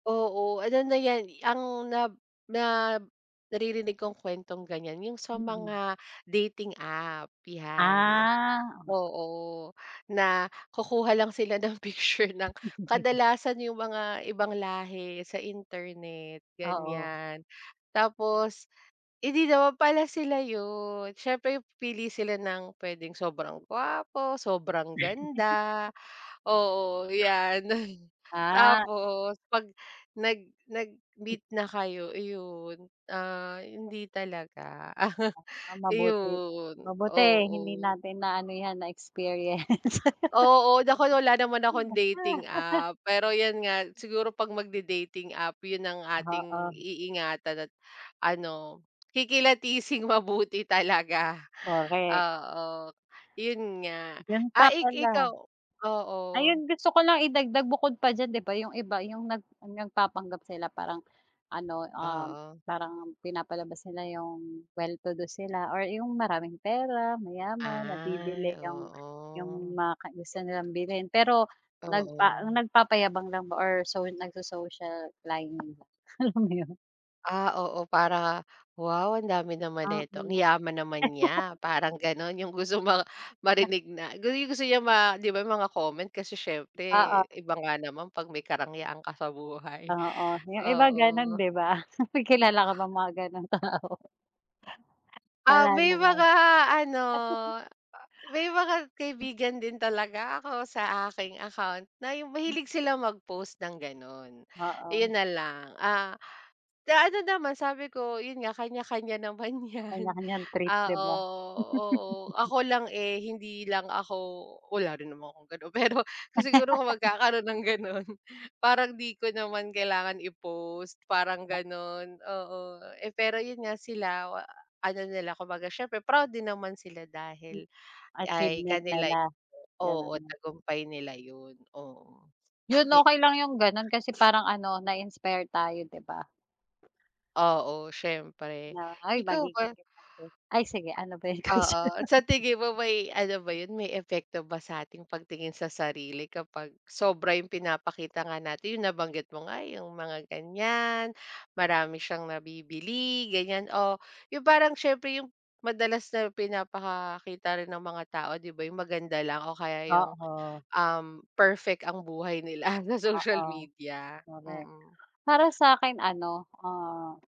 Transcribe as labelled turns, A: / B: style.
A: Oo, ano na yan, ang na na naririnig kong kwentong ganiyan yung sa
B: Mm.
A: mga dating app, yan.
B: Ah, o.
A: Oo, na kukuha lang sila ng picture ng kadalasan yung mga ibang lahi sa internet,
B: Oo.
A: ganiyan. Tapos hindi naman pala sila yun, siyempre pipili sila ng puwedeng sobrang gwapo, sobrang ganda, oo, yan,
B: Ah.
A: tapos 'pag nag
B: Hmm.
A: nag-meet na kayo, iyon, ah, hindi talaga.
B: Ah, mabuti
A: Iyon,
B: mabuti hindi
A: oo.
B: natin naano yan, na-experience.
A: Oo, naku, wala naman akong dating app. Pero yun nga siguro 'pag magde-dating app yun ang ating
B: Oo.
A: iingatan at ano kikilatising mabuti talaga,
B: Correct.
A: oo, yun nga.
B: Yun
A: Ah,
B: pa
A: i ikaw,
B: pala.
A: oo.
B: Ayun, gusto ko lang idagdag bukod pa diyan 'di ba, yung iba yung nag nagpapanggap sila parang ano, ah,
A: Oo.
B: parang pinapalabas nila yung well to do sila or yung maraming pera, mayaman,
A: Ay,
B: nabibili yung yung
A: oo.
B: mga kai gusto nilang bilhin. Pero nagpa
A: Oo.
B: nagpapayabang lang ba or, so nagso-social climbing lang, alam mo yun?
A: Ah, oo, para wow, ang dami naman
B: Ah
A: neto, ang
B: mm.
A: yaman naman niya, parang ganun. Yung gusto ma marinig na gu yu yung gusto niya ma 'di ba yung mga comment kasi siyempre
B: Oo.
A: iba nga naman 'pag may karangyaan ka sa buhay,
B: Oo, yung iba gano'n,
A: oo.
B: 'di ba? May kilala ka bang mga gano'ng tao?
A: Ah,
B: Wala
A: may
B: naman.
A: mga ano, may mga kaibigan din talaga ako sa aking account na yung
B: Hmm.
A: mahilig sila mag-post ng gano'n.
B: Oo.
A: Ayun nalang, ah, ano naman, sabi ko, yun nga kanya-kanya naman yan.
B: Kanya-kanya trip, 'di
A: Oo,
B: ba?
A: oo, ako lang eh, hindi lang ako wala rin naman akong gano'n. Pero kung siguro kung magkakaroon ng gano'n, parang di ko naman kailangan i-post. Parang ganun, oo. Eh pero yun nga, sila, ano nila, kumbaga siyempre proud din naman sila
B: Hmm.
A: dahil ay
B: Achievement
A: kanila
B: nila,
A: oo,
B: gano'n.
A: tagumpay nila yun, oo.
B: Yun,
A: Eh
B: okey lang yung ganun, kasi parang ano, na-inspire tayo, 'di ba?
A: Oo, siyempre.
B: Ay,
A: Ikaw ba?
B: magiging ganiyan din. Ay, sige, ano ba yung question
A: Oo, sa
B: natin?
A: tingin mo may ano ba yun, may epekto ba sa ating pagtingin sa sarili kapag sobra yung pinapakita nga natin, yung nabanggit mo nga, yung mga ganiyan. Marami siyang nabibili, ganiyan o, yung parang siyempre yung madalas na pinapakita rin ng mga tao, 'di ba, yung maganda lang o kaya yung,
B: Oo.
A: um, perfect ang buhay nila sa social
B: Oo.
A: media.
B: Correct.
A: Mm.
B: Para sa'kin ano, ah